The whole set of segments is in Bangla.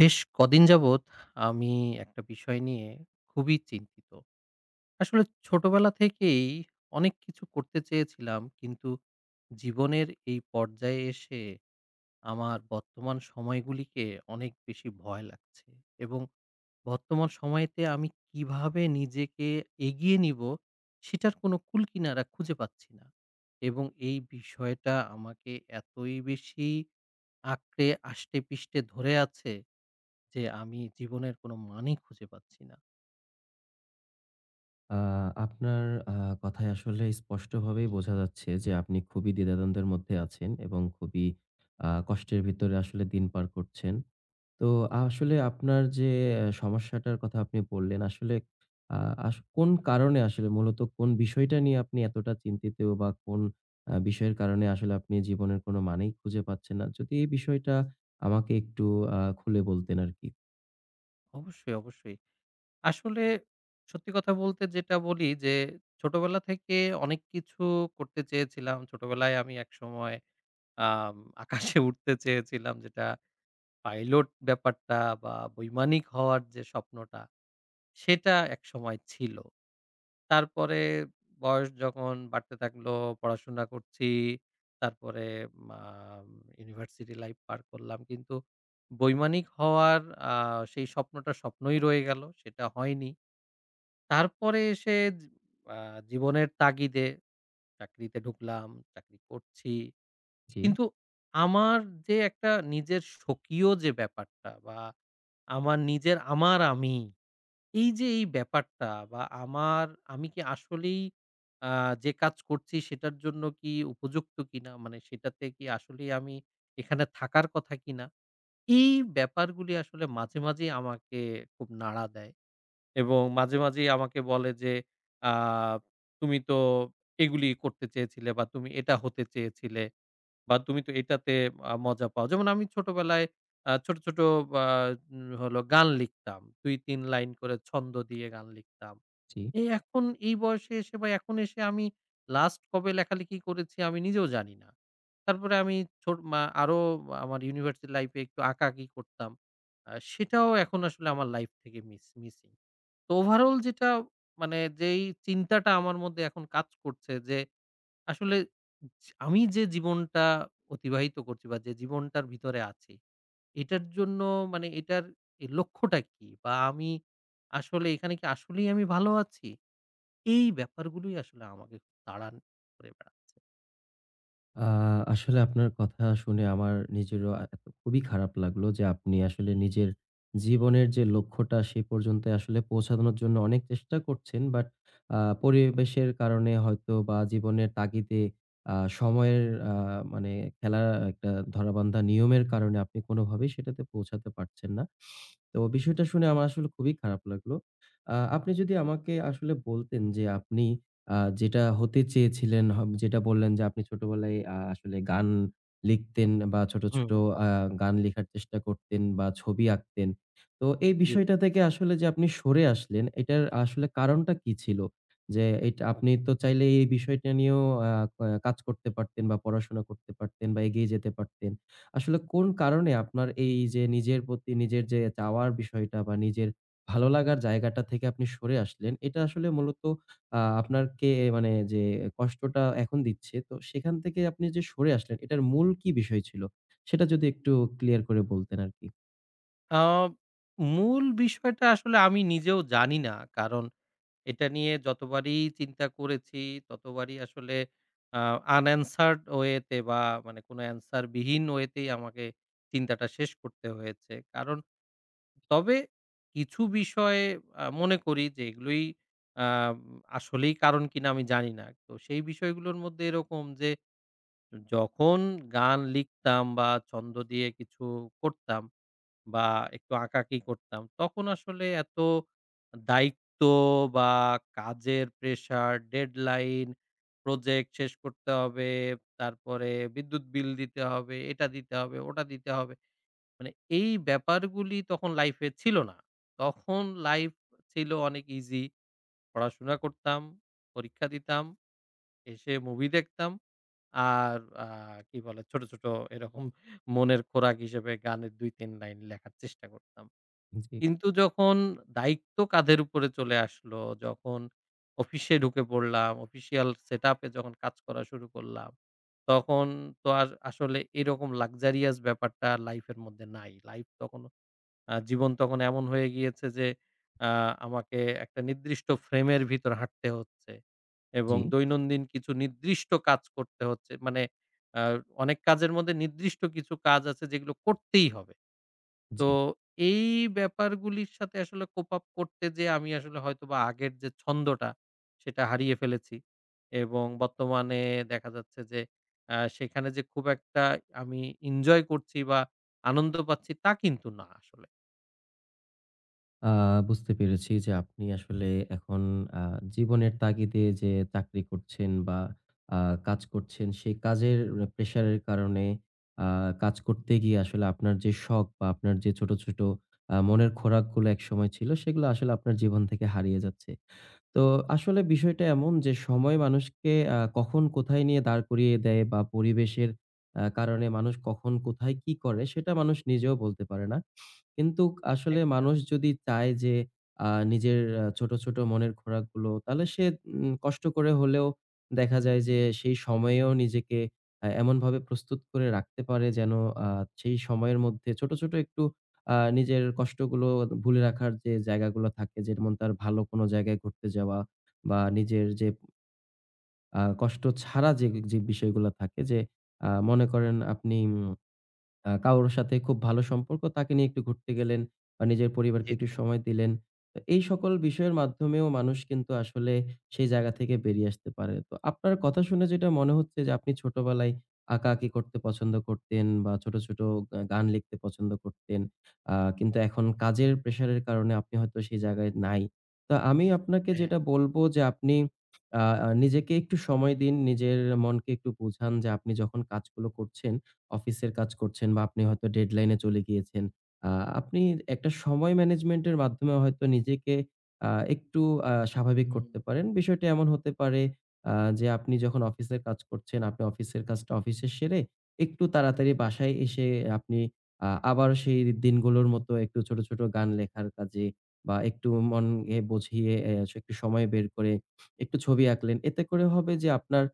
বেশ কদিন যাবৎ আমি একটা বিষয় নিয়ে খুবই চিন্তিত। আসলে ছোটবেলা থেকেই অনেক কিছু করতে চেয়েছিলাম কিন্তু জীবনের এই পর্যায়ে এসে, আমার বর্তমান সময়গুলিকে অনেক বেশি ভয় লাগছে। এবং বর্তমান সময়তে আমি কিভাবে নিজেকে এগিয়ে নিব, সেটার কোনো কুলকিনারা খুঁজে পাচ্ছি না। এবং এই বিষয়টা আমাকে এতই বেশি আঁকড়ে আষ্টেপৃষ্টে ধরে আছে যে, আমি জীবনের কোনো মানেই খুঁজে পাচ্ছি না। আ আপনার আ কথায় আসলে স্পষ্টভাবেই বোঝা যাচ্ছে যে, আপনি খুবই দ্বিধাদ্বন্দ্বের মধ্যে আছেন এবং খুবই অ্যা কষ্টের ভিতরে আসলে দিন পার করছেন। তো আসলে আপনার যে সমস্যাটার কথা আপনি বললেন। আসলে আ আস কোন কারণে আসলে মূলত কোন বিষয়টা নিয়ে আপনি এতটা চিন্তিত? বা কোন অ্যা বিষয়ের কারণে আসলে আপনি জীবনের কোন মানেই খুঁজে পাচ্ছেন না, যদি এই বিষয়টা আমাকে একটু আ খুলে বলতেন আরকি। অবশ্যই, অবশ্যই। আসলে সত্যি কথা বলতে যেটা বলি যে ছোটবেলা থেকে অনেক কিছু করতে চেয়েছিলাম। ছোটবেলায় আমি একসময় আম আকাশে উড়তে চেয়েছিলাম যেটা পাইলট ব্যাপারটা বা বৈমানিক হওয়ার যে স্বপ্নটা সেটা একসময় ছিল। তারপরে বয়স যখন বাড়তে থাকলো, পড়াশোনা করছি। তারপরে মাম ইউনিভার্সিটি লাইফ পার করলাম। কিন্তু বৈমানিক হওয়ার আ সেই স্বপ্নটা স্বপ্নই রয়ে গেল। সেটা হয়নি। তারপরে এসে যি আ জীবনের তাগিদে চাকরিতে ঢুকলাম, চাকরি করছি। জি। কিন্তু আমার যে একটা নিজের স্বকীয় যে ব্যাপারটা বা আমার নিজের আমার আমি এই যে এই ব্যাপারটা বা আমার আমি কি আসলেই আ যে কাজ করছি সেটার জন্য কি উপযুক্ত কিনা মানে সেটাতে কি আসলেই আমি এখানে থাকার কথা কিনা এই ব্যাপারগুলি আসলে মাঝে, মাঝেই আমাকে খুব নাড়া দেয়। এবং মাঝে মাঝেই আমাকে বলে যে আ তুমি তো এগুলিই করতে চেয়েছিলে বা তুমি এটা হতে চেয়েছিলে বা তুমি তো এটাতে আ মজা পাও। যেমন আমি ছোটবেলায় আ ছোট, ছোট আ উম হলো গান লিখতাম। ২ ৩ লাইন করে ছন্দ দিয়ে গান লিখতাম। জি। এই এখন এই বয়সে এসে বা এখন এসে আমি লাস্ট কবে লেখালেখি করেছি আমি নিজেও জানি না। তারপরে আমি ছোট মা আরো আমার ইউনিভার্সিটি লাইফ এ একটু আঁকাআঁকি করতাম। অ্যা সেটাও এখন আসলে আমার লাইফ থেকে মিস মিসিং। তো ওভারঅল যেটা মানে যেই চিন্তাটা আমার মধ্যে এখন কাজ করছে যে আসলে আমি যে জীবনটা অতিবাহিত করছি বা যে জীবনটার ভিতরে আছি এটার জন্য মানে এটার এই লক্ষ্যটা কি বা আমি আসলে এখানে কি আসলেই আমি ভালো আছি এই ব্যাপারগুলোই আসলে আমাকে তাড়ান করে বেড়াচ্ছে। আ আসলে আপনার কথা শুনে আমার নিজেরও আ এতো খুবই খারাপ লাগলো যে আপনি আসলে নিজের জীবনের যে লক্ষ্যটা সে পর্যন্তই আসলে পৌঁছানোর জন্য অনেক চেষ্টা করছেন। বাট আ পরিবেশের কারণে হয়তো বা জীবনের তাগিদে আ সময়ের আ মানে খেলা একটা ধরাবান্ধা নিয়মের কারণে আপনি কোনভাবেই সেটাতে পৌঁছাতে পারছেন না। তো বিষয়টা শুনে আমার আসলে খুবই খারাপ লাগলো। আ আপনি যদি আমাকে আসলে বলতেন, যে আপনি আ যেটা হতে চেয়েছিলেন, হব যেটা বললেন যে আপনি ছোটবেলায় আ আসলে গান লিখতেন বা ছোট, ছোট হুম। অ্যা গান লেখার চেষ্টা করতেন বা ছবি আঁকতেন। তো এই জি। বিষয়টা থেকে আসলে যে আপনি সরে আসলেন এটার আসলে কারণটা কী ছিল? যে এইটা আপনি তো চাইলেই এই বিষয়টা নিয়েও আ আ কাজ করতে পারতেন বা পড়াশোনা করতে পারতেন বা এগিয়ে যেতে পারতেন। আসলে কোন কারণে আপনার এই যে নিজের প্রতি নিজের যে চাওয়ার বিষয়টা বা নিজের ভালো লাগার জায়গাটা থেকে আপনি সরে আসলেন, এটা আসলে মূলত আ আপনার কে মানে যে কষ্টটা এখন দিচ্ছে। তো সেখান থেকে আপনি যে সরে আসলেন এটার মূল কি বিষয় ছিল? সেটা যদি একটু ক্লিয়ার করে বলতেন আরকি। আ মূল বিষয়টা আসলে আমি নিজেও জানি না। কারণ এটা নিয়ে যতবারই চিন্তা করেছি ততবারই আসলে আ unanswered ওয়ে তে বা মানে কোনো এন্সার বিহীন ওয়ে তেই আমাকে চিন্তাটা শেষ করতে হয়েছে। কারণ তবে কিছু বিষয়ে আ মনে করি যে এগুলোই আম আসলেই কারণ কিনা আমি জানি না। তো সেই বিষয়গুলোর মধ্যে এরকম যে যখন গান লিখতাম বা ছন্দ দিয়ে কিছু করতাম বা একটু আঁকাআঁকি করতাম। তখন আসলে এত দায়িত্ব বা কাজের প্রেশার, ডেডলাইন প্রজেক্ট শেষ করতে হবে। তারপরে বিদ্যুৎ বিল দিতে হবে, এটা দিতে হবে ওটা দিতে হবে। মানে এই ব্যাপারগুলি তখন লাইফ এ ছিল না। তখন লাইফ ছিল অনেক ইজি। পড়াশোনা করতাম, পরীক্ষা দিতাম। এসে মুভি দেখতাম। আর আ কি বলে ছোট, ছোট এরকম মনের খোরাক হিসেবে গানের ২ ৩ লাইন লেখার চেষ্টা করতাম। জি। কিন্তু যখন দায়িত্ব কাঁধের উপরে চলে আসলো, যখন অফিসে ঢুকে পড়লাম, অফিশিয়াল সেটআপ এ যখন কাজ করা শুরু করলাম তখন তো আর আসলে এরকম luxurious ব্যাপারটা আর লাইফ এর মধ্যে নাই। লাইফ তখনও আ জীবন তখন এমন হয়ে গিয়েছে যে আ আমাকে একটা নির্দিষ্ট ফ্রেম এর ভিতর হাঁটতে হচ্ছে। এবং জি। দৈনন্দিন কিছু নির্দিষ্ট কাজ করতে হচ্ছে। মানে আ অনেক কাজের মধ্যে নির্দিষ্ট কিছু কাজ আছে যেগুলো করতেই হবে। তো জি। এই ব্যাপারগুলির সাথে আসলে cope up করতে যে আমি আসলে হয়তো বা আগের যে ছন্দটা সেটা হারিয়ে ফেলেছি এবং বর্তমানে দেখা যাচ্ছে যে আ সেখানে যে খুব একটা আমি ইনজয় করছি বা আনন্দ পাচ্ছি তা কিন্তু না আসলে। আ বুঝতে পেরেছি যে আপনি আসলে এখন আ জীবনের তাগিদে যে চাকরি করছেন বা আ কাজ করছেন সেই কাজের প্রেশারের কারণে আ কাজ করতে গিয়ে আসলে আপনার যে শখ বা আপনার যে ছোট, ছোট আ মনের খোরাকগুলা একসময় ছিল সেগুলা আসলে আপনার জীবন থেকে হারিয়ে যাচ্ছে। তো আসলে বিষয়টা এমন যে সময় মানুষকে আ কখন কোথায় নিয়ে দাঁড় করিয়ে দেয় বা পরিবেশের আ কারণে মানুষ কখন কোথায় কি করে সেটা মানুষ নিজেও বলতে পারে না। কিন্তুক আসলে একদম। মানুষ যদি চায় যে আ নিজের আ ছোট, ছোট মনের খোরাকগুলো তাহলে সে উম কষ্ট করে হলেও দেখা যায় যে সেই সময়েও নিজেকে আ এমনভাবে প্রস্তুত করে রাখতে পারে যেন আ সেই সময়ের মধ্যে ছোট, ছোট একটু আ নিজের কষ্টগুলো ভুলে রাখার যে জায়গাগুলা থাকে যেমন তার ভালো কোন জায়গায় ঘুরতে যাওয়া বা নিজের যে আ কষ্ট ছাড়া যে, যে বিষয়গুলা থাকে যে আ মনে করেন আপনি উম আ কাউর সাথে খুব ভালো সম্পর্ক তাকে নিয়ে একটু ঘুরতে গেলেন বা নিজের পরিবারকে জি, একটু জি। সময় দিলেন। তো এই সকল বিষয়ের মাধ্যমেও মানুষ কিন্তু আসলে সেই জায়গা থেকে বেরিয়ে আসতে পারে। তো আপনার কথা শুনে যেটা মনে হচ্ছে যে আপনি ছোটবেলায় আঁকাআঁকি করতে পছন্দ করতেন বা ছোট, ছোট আ গান লিখতে পছন্দ করতেন। আ কিন্তু এখন কাজের প্রেশারের কারণে আপনি হয়তো সেই জায়গায় নাই। তা আমিও আপনাকে হ্যাঁ। যেটা বলবো যে আপনি আ আ নিজেকে একটু সময় দিন নিজের মনকে একটু বোঝান যে আপনি যখন কাজগুলো করছেন অফিসের কাজ করছেন বা আপনি হয়তো ডেডলাইনে চলে গিয়েছেন। আ আপনি একটা সময় ম্যানেজমেন্টের মাধ্যমে হয়তো নিজেকে আ একটু আ স্বাভাবিক হুম। করতে পারেন। বিষয়টি এমন হতে পারে আ যে আপনি যখন অফিসের কাজ করছেন, আপনি অফিসের কাজটা অফিসে সেরে একটু তাড়াতাড়ি বাসায় এসে আপনি আ আবার সেই দিনগুলোর মতো একটু ছোট, ছোট গান লেখার কাজে বা একটু মনে হে বুঝিয়ে অ্যা এস একটু সময় বের করে একটু ছবি আঁকলেন। এতে করে হবে যে আপনার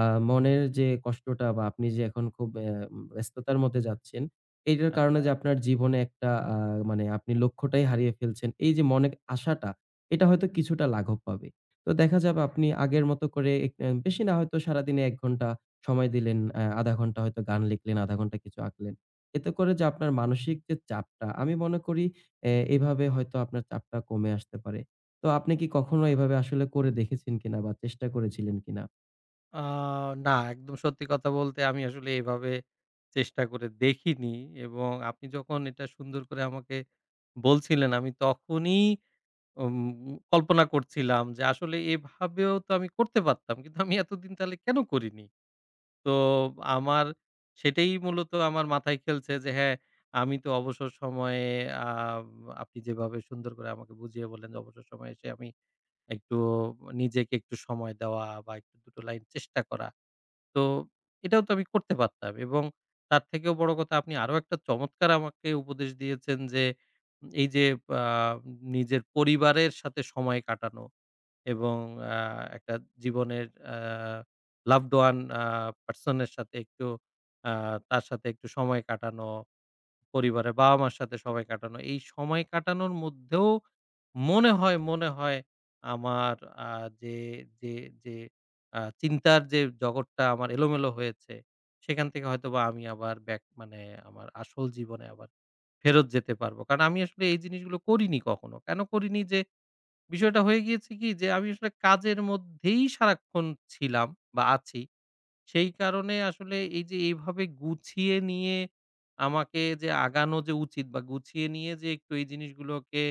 আ মনের যে কষ্টটা বা আপনি যে এখন খুব অ্যা ব্যস্ততার মধ্যে যাচ্ছেন, এইটার কারণে যে আচ্ছা। আপনার জীবনে একটা আ মানে আপনি লক্ষ্যটাই হারিয়ে ফেলছেন এই যে মনের আশাটা এটা হয়তো কিছুটা লাঘব পাবে। তো দেখা যাবে আপনি আগের মতো করে এক অ্যা বেশি না হয়তো সারাদিনে ১ ঘন্টা সময় দিলেন, অ্যা ০.৫ ঘন্টা হয়তো গান লিখলেন, ০.৫ ঘন্টা কিছু আঁকলেন। এতে করে যে আপনার মানসিক যে চাপটা আমি মনে করি অ্যা এভাবে হয়তো আপনার চাপটা কমে আসতে পারে। তো আপনি কি কখনো এভাবে আসলে করে দেখেছেন কিনা বা চেষ্টা করেছিলেন কিনা? আ না, একদম সত্যি কথা বলতে, আমি আসলে এভাবে চেষ্টা করে দেখিনি। এবং আপনি যখন এটা সুন্দর করে আমাকে বলছিলেন, আমি তখনই উমউ কল্পনা করছিলাম যে আসলে এভাবেও তো আমি করতে পারতাম। কিন্তু আমি এতদিন তাহলে কেন করিনি! তো আমার সেটাই মূলত আমার মাথায় খেলছে যে, হ্যাঁ, আমি তো অবসর সময়ে, আব আপনি যেভাবে সুন্দর করে আমাকে বুঝিয়ে বললেন যে অবসর সময়ে এসে আমি একটু নিজেকে একটু সময় দেওয়া বা, একটু দুটো লাইন চেষ্টা করা, তো, এটাও তো আমি করতে পারতাম। এবং তার থেকেও বড় কথা, আপনি আরো একটা চমৎকার আমাকে উপদেশ দিয়েছেন, যে এই যে আ নিজের পরিবারের সাথে সময় কাটানো এবং আ একটা জীবনের আ আ লাভড ওয়ান আ পারসন এর সাথে একটু, আ তার সাথে একটু সময় কাটানো। পরিবারে বাবা মার সাথে সময় কাটানো। এই সময় কাটানোর মধ্যেও মনে হয় মনে হয় আমার আ যে যে যে আ চিন্তার যে জগৎটা আমার এলোমেলো হয়েছে, সেখান থেকে হয়তোবা আমি আবার ব্যাক মানে, আমার আসল জীবনে আবার ফেরত যেতে পারবো। কারণ আমি আসলে এই জিনিসগুলো করিনি কখনো। কেন করিনি, যে বিষয়টা হয়ে গিয়েছে কি? যে আমি আসলে কাজের মধ্যেই সারাক্ষণ ছিলাম বা আছি। সেই কারণে আসলে এই যে এভাবে গুছিয়ে নিয়ে আমাকে যে আগানো যে উচিত, বা গুছিয়ে নিয়ে যে একটু এই জিনিসগুলোকে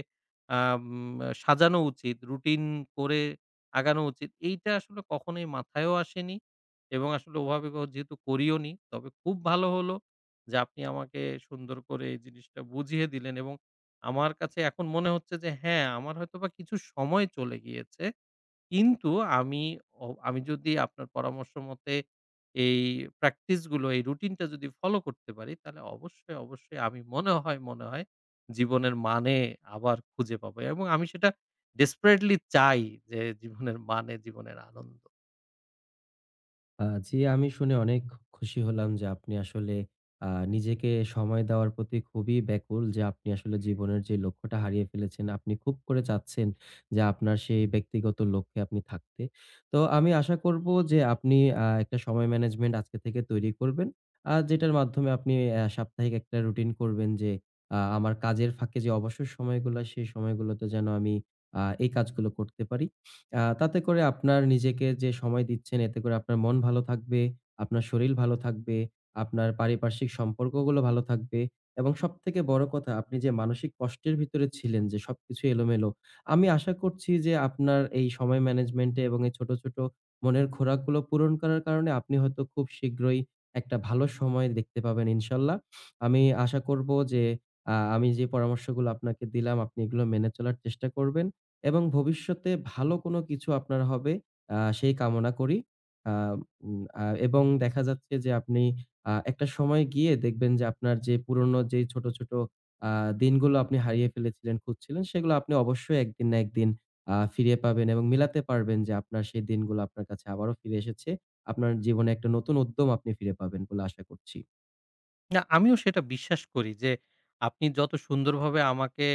আম সাজানো উচিত, রুটিন করে আগানো উচিত, এইটা আসলে কখনোই মাথায়ও আসেনি। এবং আসলে ওভাবে বাও যেহেতু করিও নি, তবে খুব ভালো হলো, যে আপনি আমাকে সুন্দর করে এই জিনিসটা বুঝিয়ে দিলেন। এবং আমার কাছে এখন মনে হচ্ছে যে, হ্যাঁ, আমার হয়তোবা কিছু সময় চলে গিয়েছে। কিন্তু আমি, ও আমি যদি আপনার পরামর্শ মতে এই প্র্যাকটিসগুলো, এই রুটিনটা যদি ফলো করতে পারি, তাহলে অবশ্যই, অবশ্যই, আমি মনে হয় মনে হয় জীবনের মানে আবার খুঁজে পাবো। এবং আমি সেটা ডেসপারেটলি চাই, যে জীবনের মানে জীবনের আনন্দ। আ জি, আমি শুনে অনেক খু খুশি হলাম যে আপনি আসলে, আ নিজেকে সময় দেওয়ার প্রতি খুবই ব্যাকুল, যে আপনি আসলে জীবনের যে লক্ষ্যটা হারিয়ে ফেলেছেন, আপনি খুব করে চাচ্ছেন যে আপনার সেই ব্যক্তিগত লক্ষ্যে আপনি থাকতে। তো আমি আশা করব যে আপনি, আ একটা সময় ম্যানেজমেন্ট আজকে থেকে তৈরি করবেন। আর যেটার মাধ্যমে আপনি এহ সাপ্তাহিক একটা রুটিন করবেন, যে, আ আমার কাজের ফাঁকে যে অবসর সময়গুলো হয়, সেই সময়গুলোতে যেন আমি, আ এই কাজগুলো করতে পারি। আ তাতে করে আপনার নিজেকে যে সময় দিচ্ছেন, এতে করে আপনার মন ভালো থাকবে, আপনার শরীর ভালো থাকবে, আপনার পারিপার্শ্বিক সম্পর্কগুলো ভালো থাকবে। এবং সবথেকে বড় কথা, আপনি যে মানসিক কষ্টের ভিতরে ছিলেন, যে সবকিছু এলোমেলো। আমি আশা করছি যে আপনার এই সময় ম্যানেজমেন্ট এ এবং এই ছোট, ছোট মনের খোরাকগুলো পূরণ করার কারণে আপনি হয়তো খুব শীঘ্রই একটা ভালো সময় দেখতে পাবেন, ইনশাআল্লাহ। আমি আশা করব যে, আ আমি যে পরামর্শগুলো আপনাকে দিলাম, আপনি এগুলো মেনে চলার চেষ্টা করবেন। এবং ভবিষ্যতে ভালো কোন কিছু আপনার হবে, আ সেই কামনা করি। আ উ আ এবং দেখা যাচ্ছে যে আপনি আ একটা সময় গিয়ে দেখবেন যে আপনার যে পুরোনো যে ছোট, ছোট আ দিনগুলো আপনি হারিয়ে ফেলেছিলেন, খুঁজছিলেন, সেগুলো আপনি অবশ্যই একদিন না একদিন আ ফিরিয়ে পাবেন এবং মিলাতে পারবেন যে আপনার সেই দিনগুলো আপনার কাছে আবারো ফিরে এসেছে। আপনার জীবনে একটা নতুন উদ্যম আপনি ফিরে পাবেন বলে আশা করছি। না, আমিও সেটা বিশ্বাস করি যে, আপনি যত সুন্দরভাবে আমাকে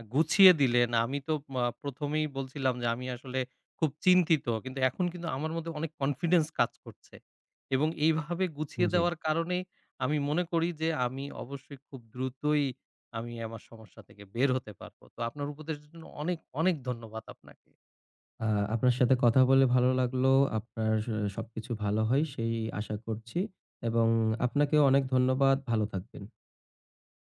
আ গুছিয়ে দিলেন, আমি তো, মা ১ম এই বলছিলাম, যে আমি আসলে খুব চিন্তিত। কিন্তু এখন কিন্তু আমার মধ্যে অনেক কনফিডেন্স কাজ করছে। এবং এইভাবে গুছিয়ে জি। দেওয়ার কারণে, আমি মনে করি যে আমি অবশ্যই খুব দ্রুতই আমি আমার সমস্যা থেকে বের হতে পারবো। তো আপনার উপদেশ এর জন্য অনেক, অনেক ধন্যবাদ আপনাকে। আ আপনার সাথে কথা বলে ভালো লাগলো। আপনার স সবকিছু ভালো হয়, সেই আশা করছি। এবং আপনাকেও অনেক ধন্যবাদ। ভালো থাকবেন।